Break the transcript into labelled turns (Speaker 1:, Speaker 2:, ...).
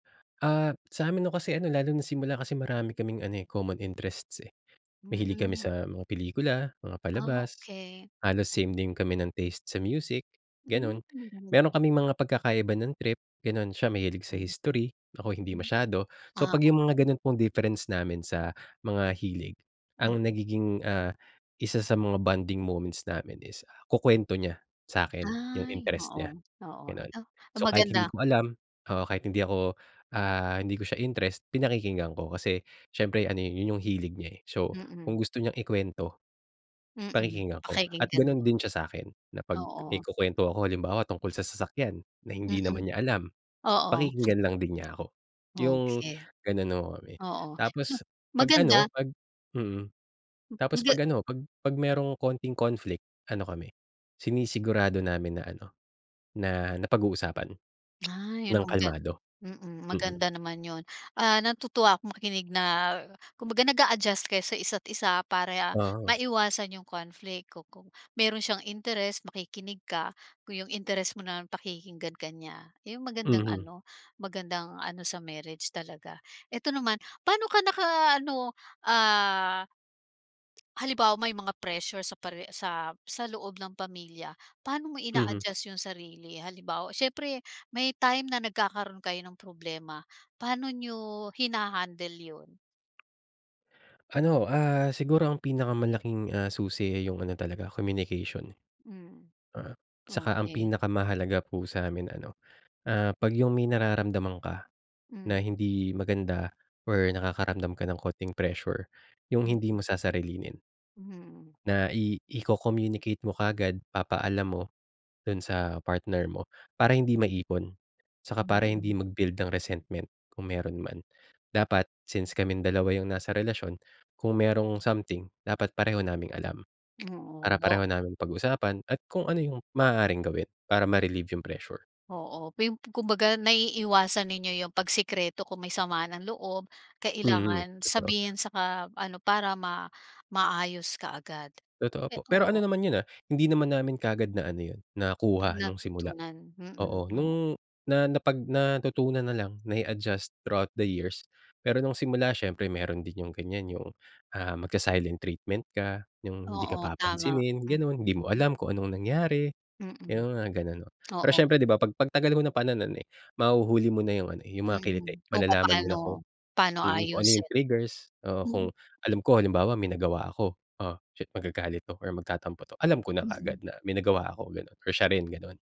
Speaker 1: Ah, sa amin 'no kasi ano lalo na simula kasi marami kaming ano, eh, common interests, eh, mahilig kami
Speaker 2: Mm.
Speaker 1: sa mga pelikula, mga
Speaker 2: Ah,
Speaker 1: palabas,
Speaker 2: okey.
Speaker 1: halos
Speaker 2: Ipa
Speaker 1: same din kami ng taste sa music,
Speaker 2: Hmm,
Speaker 1: gano'n.
Speaker 2: mabu
Speaker 1: Meron kaming mga pagkakaiba ng trip gano'n, siya mahilig sa
Speaker 2: Tay
Speaker 1: history, ako hindi
Speaker 2: hmm.
Speaker 1: masyado. So
Speaker 2: Ah,
Speaker 1: pag yung mga
Speaker 2: okey.
Speaker 1: ganon pong difference namin sa mga hilig ang
Speaker 2: Mm.
Speaker 1: nagiging, ah, isa sa mga bonding moments namin is kukwento niya sakin yung
Speaker 2: Ay,
Speaker 1: interest nya,
Speaker 2: oo, oo,
Speaker 1: gano'n.
Speaker 2: 'no, na
Speaker 1: So kahit hindi
Speaker 2: maganda.
Speaker 1: ko alam oo, kahit hindi ako, ah, hindi ko siya interest, pinakikinggan ko kasi siyempre ano, yun yung hilig niya, eh. So kung
Speaker 2: Mm.
Speaker 1: gusto niyang ikwento,
Speaker 2: Mm,
Speaker 1: pakikinggan ko at
Speaker 2: pakikinggan
Speaker 1: ganun
Speaker 2: mo.
Speaker 1: din siya sa 'kin na pag may
Speaker 2: Oo.
Speaker 1: kukwento ako halimbawa tungkol sa sasakyan, na hindi
Speaker 2: Mm.
Speaker 1: naman niya alam,
Speaker 2: Oo.
Speaker 1: pakikinggan lang din niya ako, yung
Speaker 2: Okey.
Speaker 1: gano'n ho kami.
Speaker 2: Oo, ma
Speaker 1: Tapos pag ano
Speaker 2: maganda
Speaker 1: pag mm, tapos
Speaker 2: kumbaga
Speaker 1: pag ano pag pag merong kaunting conflict ano kami, sinisigurado namin na ano, na napag-uusapan
Speaker 2: Ay,
Speaker 1: nang
Speaker 2: anong gan
Speaker 1: kalmado,
Speaker 2: mm,
Speaker 1: mm.
Speaker 2: maganda naman 'yon, ah, natutuwa ako makinig na kumbaga nag-a-adjust kayo sa isa't isa para
Speaker 1: Oo.
Speaker 2: maiwasan yung conflict ku kung meron siyang interest makikinig ka kung yung interest mo naman pakikinggan ka niya. Iyong magandang
Speaker 1: Mhm.
Speaker 2: ano, magandang ano sa marriage talaga. Eto naman paano ka naka-ano, ah halimbawa may mga pressure sa pare sa sa loob ng pamilya, paano mo
Speaker 1: Mhm.
Speaker 2: ina-adjust yung sarili? Halimbawa syempre may time na nagkakaroon kayo ng problema, paano niyo hinahandle 'yon?
Speaker 1: Ano, ah, siguro ang pinakamalaking, ah, susi, eh, yung ano talaga, communication.
Speaker 2: Hmm.
Speaker 1: Oo. Saka ang
Speaker 2: Okey.
Speaker 1: pinakamahalaga po sa 'min ano, ah, pag yung may nararamdaman ka,
Speaker 2: Hmm.
Speaker 1: na hindi maganda or nakakaramdam ka ng kaunting pressure, yung hindi
Speaker 2: Mm.
Speaker 1: mo sasarilinin.
Speaker 2: Hmm.
Speaker 1: Na i iko-communicate mo kaagad papaalam mo, dun sa partner mo para hindi maipon, saka para hindi
Speaker 2: Mm.
Speaker 1: mag-build ng resentment kung meron man. Dapat since kaming dalawa yung nasa relasyon, kung merong something dapat pareho naming alam,
Speaker 2: Oo,
Speaker 1: para
Speaker 2: wo
Speaker 1: pareho naming pag-usapan at kung ano yung maaaring gawin para ma-relieve yung pressure.
Speaker 2: Oo, may um kumbaga naiiiwasan ninyo yung pagsikreto kung may sama ng loob,
Speaker 1: Mhm,
Speaker 2: kailangan
Speaker 1: totoo.
Speaker 2: sabihin saka ano para ma maayos kaagad.
Speaker 1: Totoo po,
Speaker 2: Eto,
Speaker 1: pero ano
Speaker 2: oh
Speaker 1: naman yun, ah, hindi naman namin kaagad na ano yun,
Speaker 2: Na
Speaker 1: nakuha nung simula.
Speaker 2: natutunan, mm,
Speaker 1: Oo,
Speaker 2: oo.
Speaker 1: nung na napag natutunan na lang na i-adjust throughout the years, pero nung simula siyempre meron din yung ganyan yung, ah, magsa-silent treatment ka, yung di ka
Speaker 2: Oo, tama.
Speaker 1: papansinin
Speaker 2: Mm,
Speaker 1: gano'n, hindi mo alam
Speaker 2: mm.
Speaker 1: kung anong nangyari,
Speaker 2: Mm.
Speaker 1: yung mga gano'n, no. Pero
Speaker 2: Oo.
Speaker 1: syempre di ba, pag pagtagal mo na pa na no'n, eh, mahuhuli mo na yung ano, eh, yung mga kiliti,
Speaker 2: Mm, kung
Speaker 1: malalaman mo na kung
Speaker 2: papaano, paano
Speaker 1: mm, kung ano yung
Speaker 2: aayusin.
Speaker 1: triggers. Oo,
Speaker 2: Mm.
Speaker 1: kung alam ko halimbawa may nagawa ako, "Oh, shit magagalit 'to." or "Magtatampo 'to." alam ko na
Speaker 2: Mm.
Speaker 1: kaagad na may nagawa ako, gano'n or siya rin gano'n.